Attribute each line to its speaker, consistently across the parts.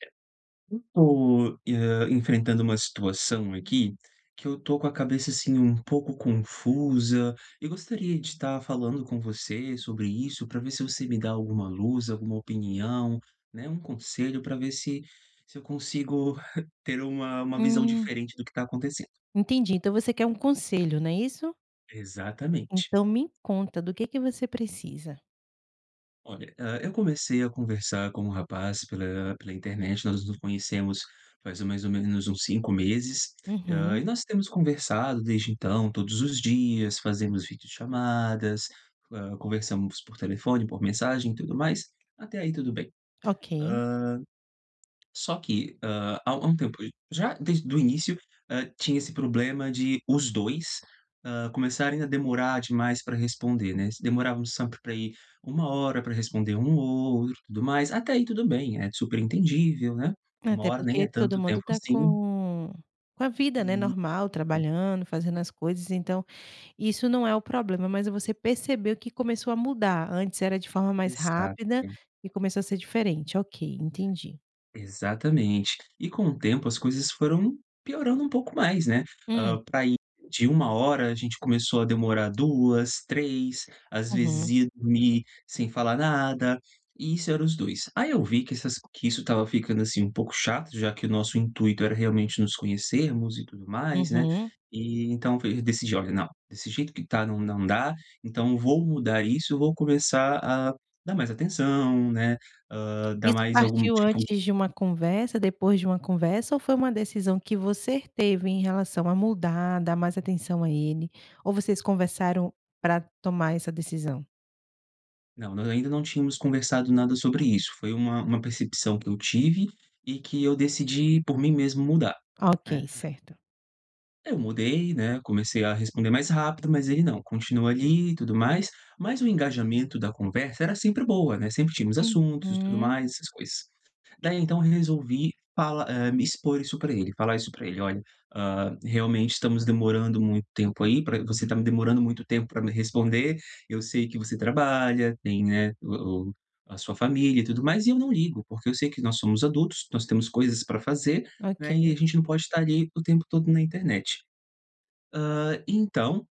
Speaker 1: Eu tô, hã, enfrentando uma situação aqui, que eu estou com a cabeça, assim, um pouco confusa e gostaria de tá falando com você sobre isso, para ver se você me dá alguma luz, alguma opinião, né. Um conselho para ver se se eu consigo ter uma uma visão
Speaker 2: Hum.
Speaker 1: diferente do que está acontecendo.
Speaker 2: Entendi. Então você quer um conselho, não é isso?
Speaker 1: Exatamente.
Speaker 2: Então me conta, do que que você precisa?
Speaker 1: Olha, ah, eu comecei a conversar com um rapaz pela pela internet. Nós nos conhecemos faz mais ou menos uns 5 meses. Ah,
Speaker 2: Uhum.
Speaker 1: e nós temos conversado desde então, todos os dias fazemos vídeochamadas. Ah, conversamos por telefone, por mensagem e tudo mais. Até aí tudo bem.
Speaker 2: OK.
Speaker 1: Ah. Só que, ah, há há um tempo, já desde o início. Hã, tinha esse problema de os 2. Ah, começarem a demorar demais para responder, né. Se demorávamos sempre para aí 1h para responder um o outro, tudo mais. Até aí tudo bem, é super entendível, né. uma
Speaker 2: Até
Speaker 1: hora nem
Speaker 2: porque
Speaker 1: é
Speaker 2: todo
Speaker 1: tanto
Speaker 2: mundo
Speaker 1: tempo
Speaker 2: tá
Speaker 1: assim.
Speaker 2: com com a vida, né,
Speaker 1: Isso.
Speaker 2: normal, trabalhando, fazendo as coisas. Então isso não é o problema, mas você percebeu que começou a mudar antes era de forma mais rápida,
Speaker 1: Exato.
Speaker 2: e começou a ser diferente. Ok, entendi.
Speaker 1: Exatamente, e com o tempo, as coisas foram piorando um pouco mais, né. Ah,
Speaker 2: Hum.
Speaker 1: para ir de 1h, a gente começou a demorar 2, 3, às vezes
Speaker 2: Uhum.
Speaker 1: ia dormir sem falar nada. E isso era os 2. Aí eu vi que essa s que isso estava ficando, assim, um pouco chato, já que o nosso intuito era realmente nos conhecermos e tudo mais, né.
Speaker 2: Uhum.
Speaker 1: E então f decidi olha, não desse jeito que tá, não não dá. Então vou mudar isso. Vou começar a dar mais atenção, né. Ah, dar
Speaker 2: Isso
Speaker 1: mais algum
Speaker 2: partiu
Speaker 1: tipo
Speaker 2: antes de uma conversa, depois de uma conversa, ou foi uma decisão que você teve em relação a mudar, dar mais atenção a ele, ou vocês conversaram para tomar essa decisão?
Speaker 1: Não, nós ainda não tínhamos conversado nada sobre isso, foi uma uma percepção que eu tive e que eu decidi por mim mesmo mudar, né.
Speaker 2: Ok, certo.
Speaker 1: Eu mudei, né, comecei a responder mais rápido, mas ele não continua ali e tudo mais, mas o engajamento da conversa era sempre boa, né, sempre tínhamos assuntos e tudo
Speaker 2: Uhum.
Speaker 1: mais, essas coisas, daí então resolvi fala eh, me expor isso pra ele, falar isso pra ele: "Olha, ah, realmente, estamos demorando muito tempo, aí pra você tá demorando muito tempo pra me responder, eu sei que você trabalha, tem, né, o o a sua família e tudo mais, e eu não ligo, porque eu sei que nós somos adultos, nós temos coisas pra fazer, né, e
Speaker 2: OK.
Speaker 1: a gente não pode tá ali o tempo todo na internet", hã, então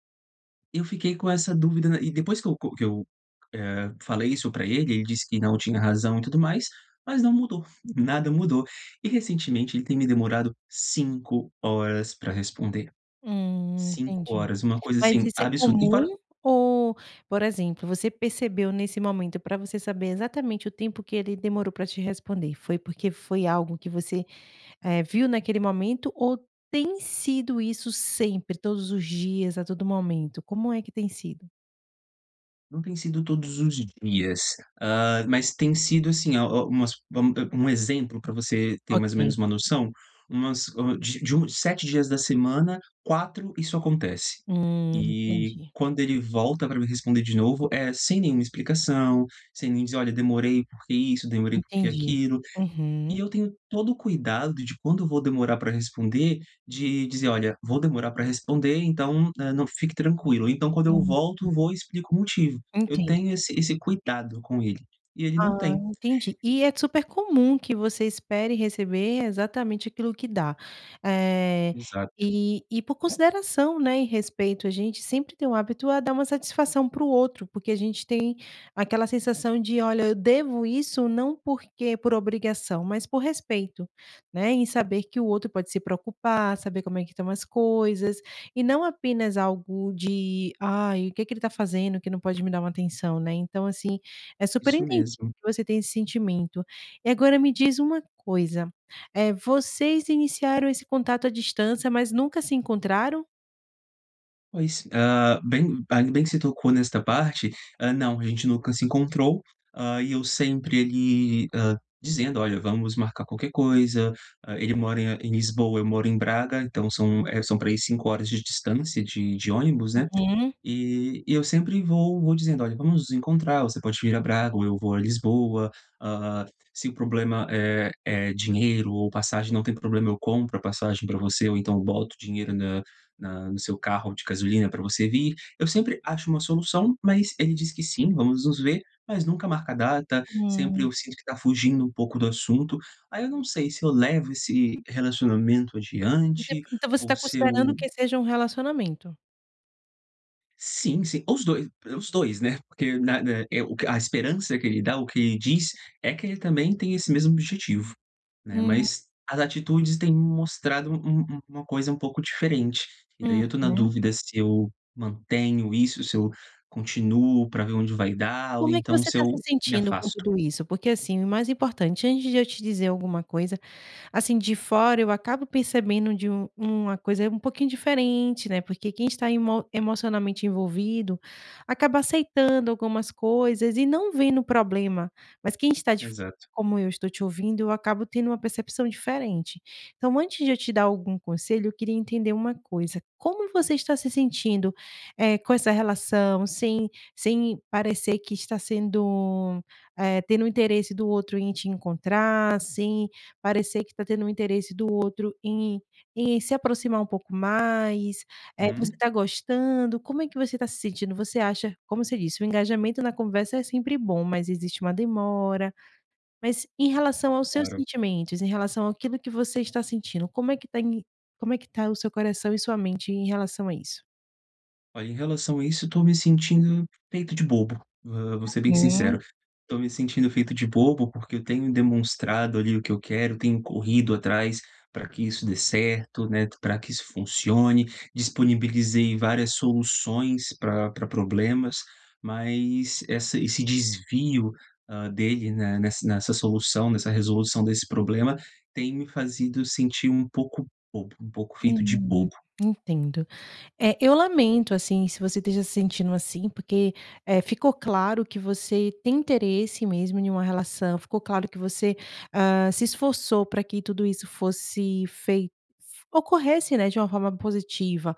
Speaker 1: eu fiquei com essa dúvida n e depois que eu co que eu, eh, falei isso pra ele, ele disse que, não, tinha razão e tudo mais, mas não mudou, nada mudou, e recentemente ele tem me demorado 5h pra responder,
Speaker 2: Hum,
Speaker 1: cinco
Speaker 2: entendi,
Speaker 1: horas, uma coisa
Speaker 2: mas
Speaker 1: assim
Speaker 2: isso é
Speaker 1: absurda e fora
Speaker 2: comum ou, por exemplo, você percebeu nesse momento pra você saber exatamente o tempo que ele demorou pra te responder, foi porque foi algo que você, eh, viu naquele momento ou tem sido isso sempre todos os dias, a todo momento, como é que tem sido?
Speaker 1: Não tem sido todos os dias, ah, mas tem sido, assim, a o umas vam a um exemplo pra você ter mais ou
Speaker 2: OK.
Speaker 1: menos uma noção, umas, hã, de de uns 7 dias da semana, 4 isso acontece,
Speaker 2: Hum,
Speaker 1: eh
Speaker 2: entendi.
Speaker 1: quando ele volta pra me responder de novo é sem nenhuma explicação, sem nem dizer: "Olha, demorei porque isso, demorei porque
Speaker 2: Entendi,
Speaker 1: aquilo", e
Speaker 2: uhum.
Speaker 1: eu tenho todo o cuidado de quando vou demorar pra responder de dizer: "Olha, vou demorar pra responder, então, hã, não fique tranquilo.", então, quando eu
Speaker 2: Uhum.
Speaker 1: volto, vou e explico o motivo, eu
Speaker 2: Entendo.
Speaker 1: tenho esse esse cuidado com ele e ele não
Speaker 2: Ah,
Speaker 1: tem.
Speaker 2: entendi, e é d super comum que você espere receber exatamente aquilo que dá, eh,
Speaker 1: Exato.
Speaker 2: e e por consideração, né, e respeito, a gente sempre tem o hábito a dar uma satisfação para o outro, porque a gente tem aquela sensação de: "Olha, eu devo isso não porque por obrigação, mas por respeito.", né, em saber que o outro pode se preocupar, saber como é que estão as coisas e não apenas algo de: "Ai, o que que ele tá fazendo, que não pode me dar uma atenção?", né. Então assim, é super
Speaker 1: Isso
Speaker 2: entendível
Speaker 1: mesmo.
Speaker 2: que você tenha esse sentimento e agora me diz uma coisa, eh, vocês iniciaram esse contato à distância, mas nunca se encontraram?
Speaker 1: Pois. Ah, bem ainda bem que você tocou nesta parte. Ah, não, a gente nunca se encontrou. Ah, e eu sempre ele, ah, dizendo: "Olha, vamos marcar qualquer coisa, ah, ele mora em em Lisboa, eu moro em Braga, então são, eh, são para aí 5h de distância de de ônibus, né?
Speaker 2: Uhum.
Speaker 1: E e eu sempre vou vou dizendo olha, vamos encontrar, você pode vir a Braga ou eu vou a Lisboa, ah, se o problema é é dinheiro ou passagem, não tem problema, eu compro a passagem para você, ou então eu boto o dinheiro na na no seu carro de gasolina para você vir," eu sempre acho uma solução, mas ele diz que sim, vamos nos ver, mas nunca marca a data sempre
Speaker 2: Hum.
Speaker 1: eu sinto que tá fugindo um pouco do assunto. Aí eu não sei se eu levo esse relacionamento
Speaker 2: Você
Speaker 1: adiante
Speaker 2: então você
Speaker 1: ou
Speaker 2: tá
Speaker 1: se
Speaker 2: considerando
Speaker 1: eu
Speaker 2: que seja um relacionamento?
Speaker 1: Sim, sim, os 2 os 2, né? Porque na na eh, o que a esperança que ele dá, o que ele diz, é que ele também tem esse mesmo objetivo, né,
Speaker 2: Hum.
Speaker 1: mas as atitudes têm mostrado um um uma coisa um pouco diferente e daí eu estou na
Speaker 2: Uhum.
Speaker 1: dúvida se eu mantenho isso, se eu continuo para ver onde vai dar, ou
Speaker 2: Como é que
Speaker 1: então,
Speaker 2: você
Speaker 1: se
Speaker 2: tá
Speaker 1: eu
Speaker 2: se
Speaker 1: me
Speaker 2: sentindo com
Speaker 1: afasto.
Speaker 2: tudo isso? Porque, assim, o mais importante antes de eu te dizer alguma coisa, assim, de fora, eu acabo percebendo de um uma coisa um pouquinho diferente, né. Porque quem está emo emocionalmente envolvido acaba aceitando algumas coisas e não vendo o problema. Mas quem está de fora,
Speaker 1: Exato.
Speaker 2: como eu estou te ouvindo, eu acabo tendo uma percepção diferente. Então, antes de eu te dar algum conselho, eu queria entender uma coisa, como você está se sentindo, eh, com essa relação, sem sem parecer que está sendo, eh, tendo o interesse do outro em te encontrar, sem parecer que tá tendo um interesse do outro em em se aproximar um pouco mais, eh, você
Speaker 1: Hum.
Speaker 2: está gostando. Como é que você está se sentindo? Você acha, como você disse, o engajamento na conversa é sempre bom, mas existe uma demora, mas em relação aos seus
Speaker 1: Claro.
Speaker 2: sentimentos, em relação aquilo que você está sentindo, como é que tá em como é que tá o seu coração e sua mente em relação a isso?
Speaker 1: Olha, em relação a isso, eu tô me sentindo feito de bobo, hã, vou ser bem
Speaker 2: Uhum.
Speaker 1: sincero, tô me sentindo feito de bobo, porque eu tenho demonstrado ali o que eu quero, tenho corrido atrás, pra que isso dê certo, né, pra que isso funcione, disponibilizei várias soluções pra pra problemas, mas essa esse desvio, ah, dele, né, nessa nessa solução, nessa resolução desse problema tem me feito sentir um pouco bobo, um pouco feito de
Speaker 2: Hum,
Speaker 1: bobo.
Speaker 2: entendo, eh, eu lamento, assim, se você esteja se sentindo assim, porque, eh, ficou claro que você tem interesse mesmo em uma relação, ficou claro que você, ah, se esforçou pra que tudo isso fosse fei ocorresse, né, de uma forma positiva,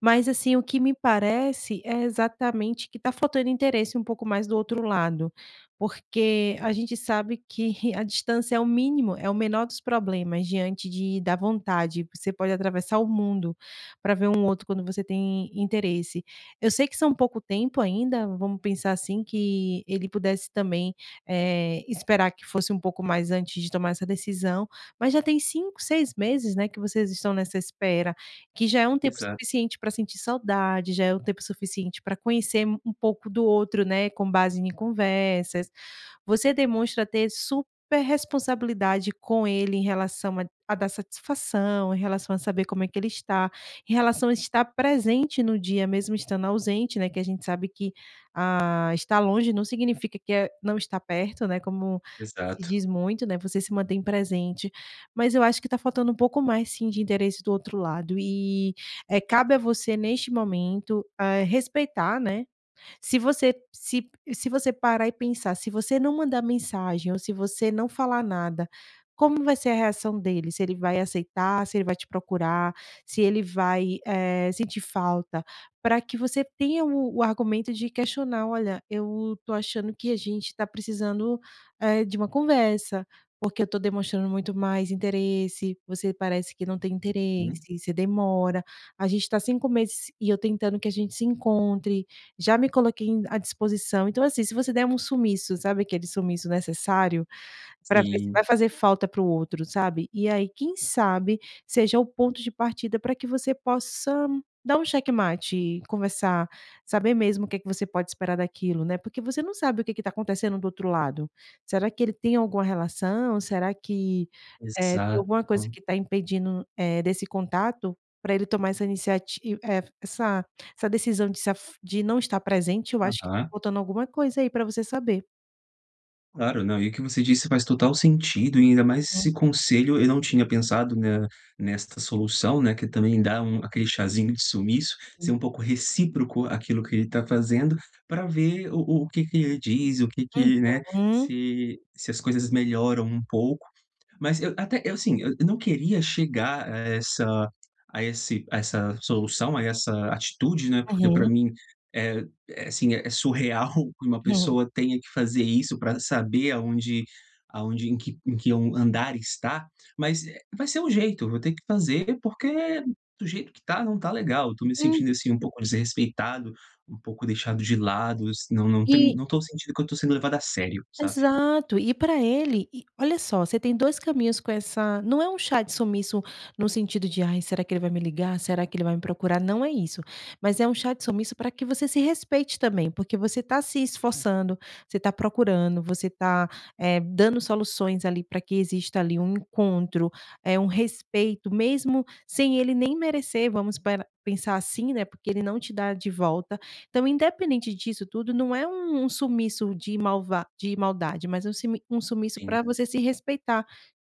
Speaker 2: mas, assim, o que me parece, é exatamente que tá faltando interesse um pouco mais do outro lado, porque a gente sabe que a distância é o mínimo, é o menor dos problemas, diante de da vontade, você pode atravessar o mundo pra ver um outro, quando você tem interesse. Eu sei que são pouco tempo ainda, vamos pensar assim, que ele pudesse também, eh, esperar que fosse um pouco mais antes de tomar essa decisão, mas já tem 5, 6 meses, né, que vocês estão nessa espera, que já é um tempo
Speaker 1: Exato.
Speaker 2: suficiente pra sentir saudade, já é o tempo suficiente pra conhecer um pouco do outro, né, com base em conversas. Você demonstra ter super responsabilidade com ele em relação a a dar satisfação, em relação a saber como é que ele está, em relação a estar presente no dia, mesmo estando ausente, né. Que a gente sabe que, ah, estar longe não significa que, eh, não estar perto, né, como se
Speaker 1: Exato.
Speaker 2: diz muito, né, você se mantém presente. Mas eu acho que tá faltando um pouco mais, sim, de interesse do outro lado e, eh, cabe a você neste momento, eh, respeitar, né. Se você se se você parar e pensar, se você não mandar mensagem ou se você não falar nada, como vai ser a reação dele? Se ele vai aceitar, se ele vai te procurar, se ele vai, eh, sentir falta, pra que você tenha o o argumento de questionar: "Olha, eu tô achando que a gente tá precisando, eh, de uma conversa, porque eu tô demonstrando muito mais interesse, você parece que não tem
Speaker 1: Uhum.
Speaker 2: interesse, você demora, a gente tá 5 meses e eu tentando que a gente se encontre, já me coloquei em à disposição", então, assim, se você der um sumiço, sabe aquele sumiço necessário? Pra ver se vai
Speaker 1: Sim.
Speaker 2: fazer falta para o outro, sabe, e aí, quem sabe seja o ponto de partida pra que você possa dar um xeque-mate e conversar, saber mesmo o que que você pode esperar daquilo, né, porque você não sabe o que que tá acontecendo do outro lado. Será que ele tem alguma relação? Será que, eh, tem alguma coisa
Speaker 1: Exato.
Speaker 2: que tá impedindo, eh, desse contato, pra ele tomar essa iniciati eh, essa essa decisão de se af de não estar presente? Eu acho que tá
Speaker 1: Aham.
Speaker 2: faltando alguma coisa aí pra você saber.
Speaker 1: Claro, não. E o que você disse faz total sentido e ainda mais
Speaker 2: Hum.
Speaker 1: esse conselho, eu não tinha pensado na nesta solução, né, que ele também dá um aquele chazinho de sumiço, ser
Speaker 2: Hum.
Speaker 1: um pouco recíproco àquilo que ele tá fazendo, pra ver o o o que que ele diz, o que que, né,
Speaker 2: Uhum.
Speaker 1: se se as coisas melhoram um pouco, mas eu até eu assim, eu eu não queria chegar a essa a esse a essa solução, a essa atitude, né, porque pra
Speaker 2: Uhum.
Speaker 1: mim, eh, é sim, é surreal que uma pessoa tenha que fazer isso pra saber aonde aonde em que em que on um andar está. Mas, eh, vai ser o jeito, eu vou ter que fazer, porque do jeito que tá, não tá legal, eu tô me
Speaker 2: Hum.
Speaker 1: sentindo, assim, um pouco desrespeitado, um pouco deixado de lado is não não tem
Speaker 2: E
Speaker 1: não tô sentindo que eu tô sendo levado a sério, sabe?
Speaker 2: Exato, e pra ele e olha só, você tem 2 caminhos com essa não é um chá de sumiço no sentido de, "Ai será que ele vai me ligar? Será que ele vai me procurar?" Não é isso, mas é um chá de sumiço pra que você se respeite também, porque você tá se esforçando, você tá procurando, você tá, eh, dando soluções ali pra que exista ali, um encontro, eh, um respeito mesmo sem ele nem merecer. Vamos para pensar assim, né, porque ele não te dá de volta. Então independente disso tudo, não é um um sumiço de malva de maldade, mas é um simi um sumiço
Speaker 1: Sim.
Speaker 2: pra você se respeitar,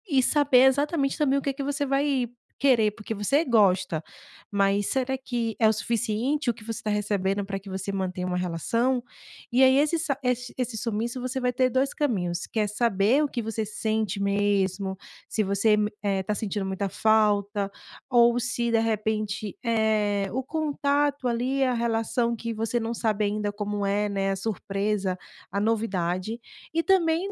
Speaker 2: e saber exatamente também o que que você vai querer, porque você gosta, mas será que é o suficiente o que você tá recebendo pra que você mantenha uma relação? E aí, esse sa esse esse sumiço você vai ter 2 caminhos, que é saber o que você sente mesmo, se você m eh, tá sentindo muita falta ou se de repente, eh, o contato ali, a relação que você não sabe ainda como é, né, a surpresa, a novidade, e também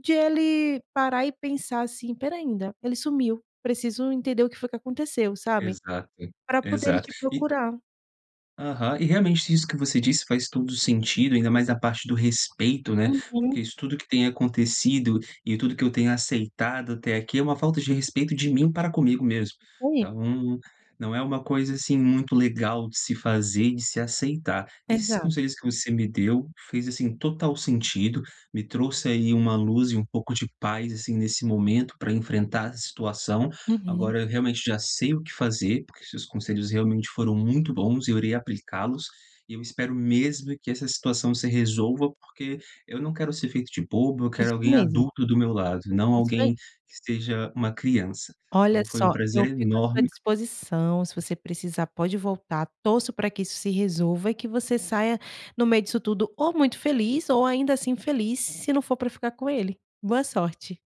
Speaker 2: de ele parar e pensar, assim: "Espera ainda, ele sumiu, preciso entender o que foi que aconteceu", sabe,
Speaker 1: Exato,
Speaker 2: pra poder ele
Speaker 1: exato
Speaker 2: te
Speaker 1: e
Speaker 2: procurar.
Speaker 1: Aham, e realmente isso que você disse faz todo o sentido, ainda mais a parte do respeito, né, porque
Speaker 2: Uhum.
Speaker 1: isso tudo que tem acontecido, e tudo o que eu tenha aceitado até aqui, é uma falta de respeito de mim para comigo mesmo,
Speaker 2: Ui.
Speaker 1: então não é uma coisa, assim, muito legal de se fazer de se aceitar. Esses
Speaker 2: Exato.
Speaker 1: conselhos que você me deu, fez, assim, total sentido, me trouxe aí uma luz e um pouco de paz, assim, nesse momento, pra enfrentar essa situação,
Speaker 2: Uhum.
Speaker 1: agora eu realmente já sei o que fazer, porque seus conselhos realmente foram muito bons, e eu irei aplicá-los, e eu espero mesmo que essa situação se resolva, porque eu não quero ser feito de bobo. Eu quero
Speaker 2: Isso
Speaker 1: alguém
Speaker 2: mesmo.
Speaker 1: adulto do meu lado, e não
Speaker 2: Isso aí.
Speaker 1: alguém que seja uma criança.
Speaker 2: Olha
Speaker 1: Então foi um
Speaker 2: só,
Speaker 1: prazer
Speaker 2: eu fico à sua
Speaker 1: enorme.
Speaker 2: disposição, se você precisar pode voltar. Torço pra que isso se resolva, e que você saia no meio disso tudo ou muito feliz, ou ainda assim feliz, se não for pra ficar com ele, boa sorte.